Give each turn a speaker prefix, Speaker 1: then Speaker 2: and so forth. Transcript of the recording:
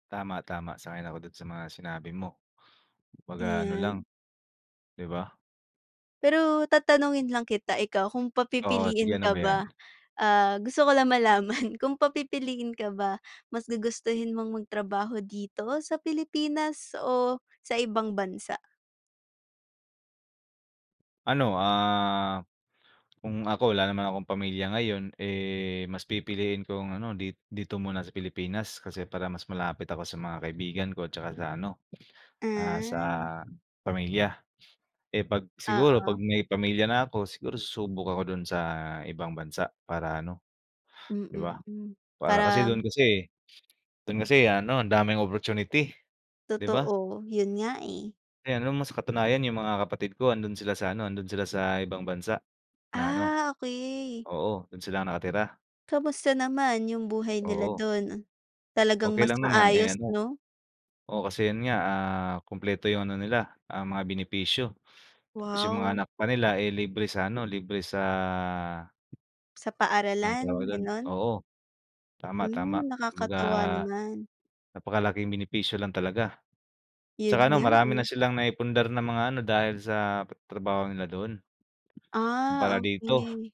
Speaker 1: Tama, tama. Sang-ayon ako do'n sa mga sinabi mo. 'Kumbaga ano
Speaker 2: Iyan.
Speaker 1: lang, 'di ba?
Speaker 2: Pero tatanungin lang kita, ikaw kung
Speaker 1: Oo. Sige,
Speaker 2: papipiliin
Speaker 1: ano
Speaker 2: ka
Speaker 1: ba
Speaker 2: ba,
Speaker 1: 'yan?
Speaker 2: ah, gusto ko lang malaman, kung papipiliin ka ba, mas gugustuhin mong magtrabaho dito sa Pilipinas o sa ibang bansa?
Speaker 1: Ano, ah, kung ako wala naman akong pamilya ngayon, eh, mas pipiliin kong, ano, dit dito muna sa Pilipinas. Kasi para mas malapit ako sa mga kaibigan ko, at saka sa ano, ah, sa
Speaker 2: Ah.
Speaker 1: pamilya. Eh, 'pag siguro 'pag
Speaker 2: Oo.
Speaker 1: may pamilya na ako, siguro susubok ako do'n sa ibang bansa para ano, 'di
Speaker 2: Mm,
Speaker 1: ba?
Speaker 2: hmm.
Speaker 1: Para kasi
Speaker 2: Parang
Speaker 1: do'n kasi do'n kasi, ano, ang daming opportunity, 'di ba?
Speaker 2: Totoo. 'Yon nga, eh.
Speaker 1: Eh, alam mo, sa katunayan 'yong mga kapatid ko nando'n sila sa ano, nando'n sila sa ibang bansa, na ano
Speaker 2: Ah, okey.
Speaker 1: oo, do'n sila nakatira.
Speaker 2: Kumusta naman 'yong buhay nila
Speaker 1: Oo.
Speaker 2: do'n? Talagang
Speaker 1: Okey
Speaker 2: mas
Speaker 1: lang naman, eh,
Speaker 2: maayos,
Speaker 1: ano.
Speaker 2: 'no?
Speaker 1: Oo, kasi 'yon nga, ah, kumpleto 'yong ano nila, ah, mga benepisyo. Tapos 'yong mga
Speaker 2: Wow.
Speaker 1: anak pa nila, eh, libre sa ano libre sa
Speaker 2: Sa
Speaker 1: anong tawag
Speaker 2: paaralan,
Speaker 1: do'n
Speaker 2: gano'n?
Speaker 1: oo, tama, tama.
Speaker 2: Mm.
Speaker 1: Kumbaga
Speaker 2: Nakakatuwa naman.
Speaker 1: napakalak 'yong benepisyo lang talaga.
Speaker 2: 'Yon
Speaker 1: 'Tsaka, ano,
Speaker 2: nga,
Speaker 1: marami
Speaker 2: eh.
Speaker 1: na silang naipundar na mga ano, dahil sa pa trabaho nila do'n.
Speaker 2: Ah,
Speaker 1: Kumpara dito.
Speaker 2: okay.